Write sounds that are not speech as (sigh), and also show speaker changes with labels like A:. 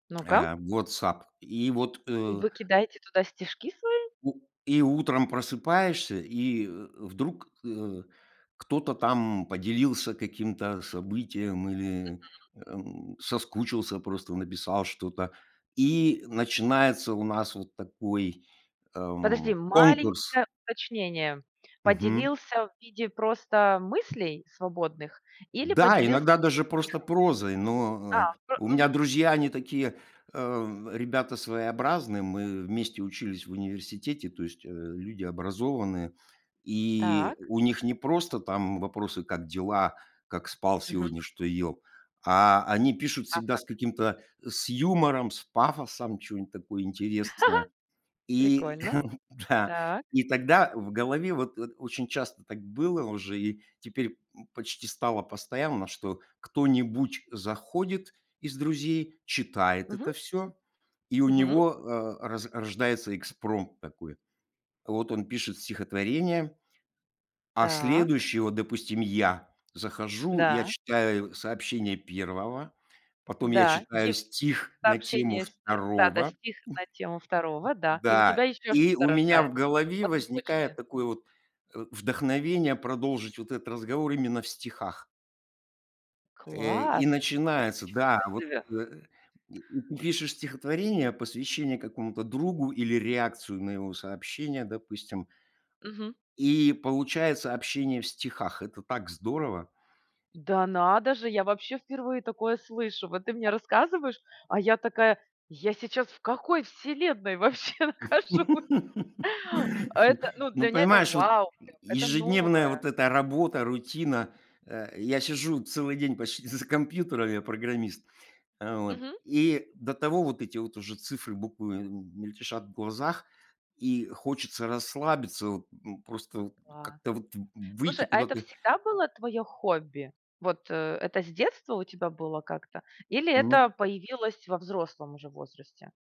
A: (clicks tongue)
B: Ну-ка.
A: Э, WhatsApp. И вот,
B: И
A: э
B: вы кидаете туда стишки свои?
A: У и утром просыпаешься, и, э, вдруг, э, кто-то там поделился каким-то событием или,
B: Мгм.
A: эм, соскучился просто, написал что-то. И начинается у нас вот такой,
B: Подожди,
A: эм, конкурс.
B: маленькое уточнение.
A: Мгм.
B: Поделился в виде просто мыслей свободных или
A: Да,
B: поделился
A: иногда
B: (unintelligible)
A: даже просто
B: стиха
A: прозой,
B: Да,
A: но, э
B: э,
A: У
B: мгм.
A: меня друзья они такие, э, ребята своеобразные. Мы вместе учились в университете, то есть, э, люди образованные. И
B: Так.
A: у них не просто там вопросы: "Как дела? Как спал
B: Мгм.
A: сегодня? Что ел?" А они пишут
B: А
A: всегда
B: как.
A: с каким-то с юмором, с пафосом, чё-нибудь такое интересное.
B: (chuckles)
A: И
B: Прикольно.
A: (chuckles) Да.
B: Так.
A: И тогда в голове вот от очень часто так было уже и теперь, м, почти стало постоянно, что кто-нибудь заходит из друзей, читает
B: Мгм.
A: это всё, и у
B: Мгм.
A: него, э, роз рождается экспромт такой. Вот он пишет стихотворение, а
B: Так.
A: следующие- вот, допустим, я- захожу, я
B: Да.
A: читаю сообщение 1, потом я
B: Да.
A: читаю
B: Ев
A: стих на тему
B: Сообщение с, э Да-да,
A: 2
B: стих на тему второго, да. И у тебя
A: да,
B: ещё
A: и
B: что-то
A: у меня
B: рождается
A: в голове
B: По цепочке.
A: возникает такое вот, э, вдохновение продолжить вот этот разговор именно в стихах. Э, и
B: Класс.
A: начинается Да,
B: Ничего
A: вот,
B: себе.
A: э И и пишешь стихотворение, посвящение какому-то другу или реакцию на его сообщение, допустим
B: Мгм.
A: и получается общение в стихах. Это так здорово!
B: Да надо же, я вообще впервые такое слышу. Вот ты мне рассказываешь, а я такая: "Я сейчас в какой вселенной вообще нахожусь?"
A: (laughs)
B: Это ну
A: Ну,
B: для меня- это
A: понимаешь, вот,
B: вау, прям, это
A: ежедневная
B: новое!
A: вот эта работа, рутина. Э, я сижу целый день почти з за компьютером- я программист. Э, вот.
B: Мгм.
A: И до того вот эти вот уже цифры буквы, эм, мельтешат в глазах, и хочется расслабиться, вот, ну, просто вот
B: Класс.
A: как-то вот в выйти
B: Слушай, а это
A: куда-то.
B: всегда было твоё хобби? Вот, э, это с детства у тебя было как-то? Или это
A: Мгм.
B: появилось во взрослом уже возрасте?